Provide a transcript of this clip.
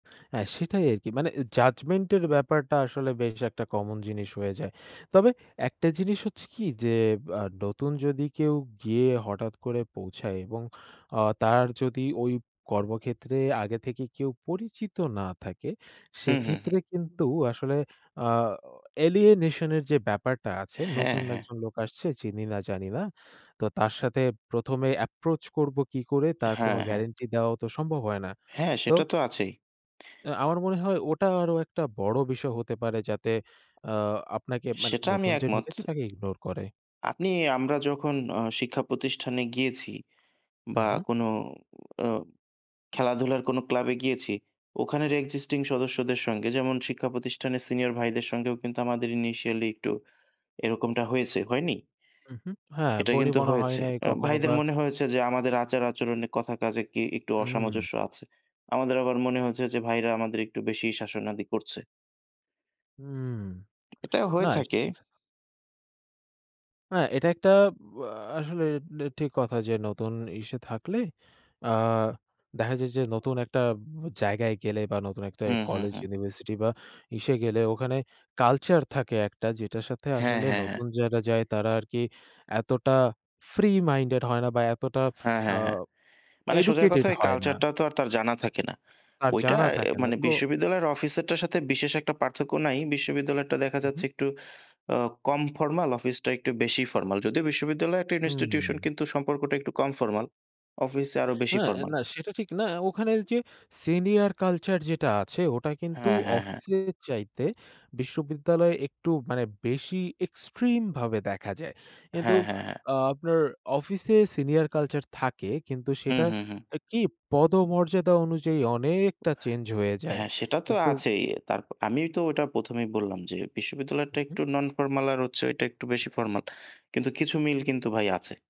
হ্যাঁ, সেটাই আরকি। মানে অ্যা judgment এর ব্যাপারটা আসলে বেশ একটা কমন জিনিস হয়ে যায়। তবে একটা জিনিস হচ্ছে কি যে আ নতুন যদি কেউ গিয়ে হঠাৎ করে পৌঁছায় এবং আ তার যদি ওই কর্মক্ষেত্রে আগে থেকে কেউ পরিচিত না থাকে, হু, হু, হু। সেক্ষেত্রে কিন্তু আসলে আ অ alienation এর যে ব্যাপারটা আছে, হ্যাঁ, নতুন হ্যাঁ। একজন লোক আসছে চিনি না জানি না। তো তার সাথে ১ম এ approach করব কী করে তার কোন হ্যাঁ, হ্যাঁ। গ্যারান্টি দেওয়াও তো সম্ভব হয় না। হ্যাঁ, তো সেটা তো আছেই। অ্যা আমার মনে হয় ওটা আরো একটা বড় বিষয় হতে পারে। যাতে আ আপনাকে মানে সেটা আমি নতুন যে একমত। ঢুকেছে তাকে ইগনোর করে। আপনি আমরা যখন অ শিক্ষা প্রতিষ্ঠানে গিয়েছি বা উহু। কোন অ খেলাধুলার কোনো ক্লাবে গিয়েছি। ওখানের existing সদস্যদের সঙ্গে যেমন শিক্ষা প্রতিষ্ঠানের সিনিয়র ভাইদের সঙ্গেও কিন্তু আমাদের initially একটু এরকমটা হয়েছে। হয়নি? উহু, হ্যাঁ এটাই বনি কিন্তু বনা হয় হয়েছে। নাই আ কখনো ভাইদের বা মনে হয়েছে যে আমাদের আচার-আচরণে কথা কাজে কি একটু উহু। অসামঞ্জস্য আছে। আমাদের আবার মনে হয়েছে, যে ভাইরা আমাদের একটু বেশি শাসনাদি করছে। উম এটা হয়ে না, থাকে। সেটাই সে অ্যা এটা একটা অ্যা আসলে ডি ঠিক কথা যে নতুন ইসে থাকলে আ দেখা যায় যে নতুন একটা জায়গায় গেলে বা নতুন একটা হু, হু, কলেজ হু। ইউনিভার্সিটি বা ইসে গেলে ওখানে culture থাকে একটা, যেটার সাথে হ্যাঁ, আসলে হ্যাঁ, হ্যাঁ। নতুন যারা যায় তারা আরকি এতটা free minded হয় না বা এতটা হ্যাঁ, আ হ্যাঁ, হ্যাঁ। মানে সোজা কথা educated ওই হয় না। culture টাও তো আর তার জানা থাকে না। তার ওইটা জানা অ্যা থাকে না। মানে তো বিশ্ববিদ্যালয়ের অফিসেরটার সাথে বিশেষ একটা পার্থক্য নাই। বিশ্ববিদ্যালয়টা দেখা উহু। যাচ্ছে একটু আ কম formal অফিসটা একটু বেশি formal যদিও বিশ্ববিদ্যালয় হুম। institution কিন্তু সম্পর্কটা একটু কম formal অফিসে আরো বেশি হ্যাঁ, formal. না সেটা ঠিক না। ওখানে যে senior culture যেটা আছে ওটা কিন্তু হ্যাঁ, হ্যাঁ, হ্যাঁ। অফিসের চাইতে বিশ্ববিদ্যালয় একটু মানে বেশি extreme ভাবে দেখা যায়। কিন্তু হ্যাঁ, হ্যাঁ, হ্যাঁ। আ আপনার অফিসে senior culture থাকে কিন্তু হু, সেটা হু, হু। কি পদমর্যাদা অনুযায়ী অনেকটা চেঞ্জ হয়ে যায়। হ্যাঁ, সেটা তো কিন্তু আছেই। তার প আমিও তো ওইটা ১ম এই বললাম যে বিশ্ববিদ্যালয়েরটা উহু। একটু non formal আর হচ্ছে ওইটা একটু বেশি formal কিন্তু কিছু মিল কিন্তু ভাই আছে।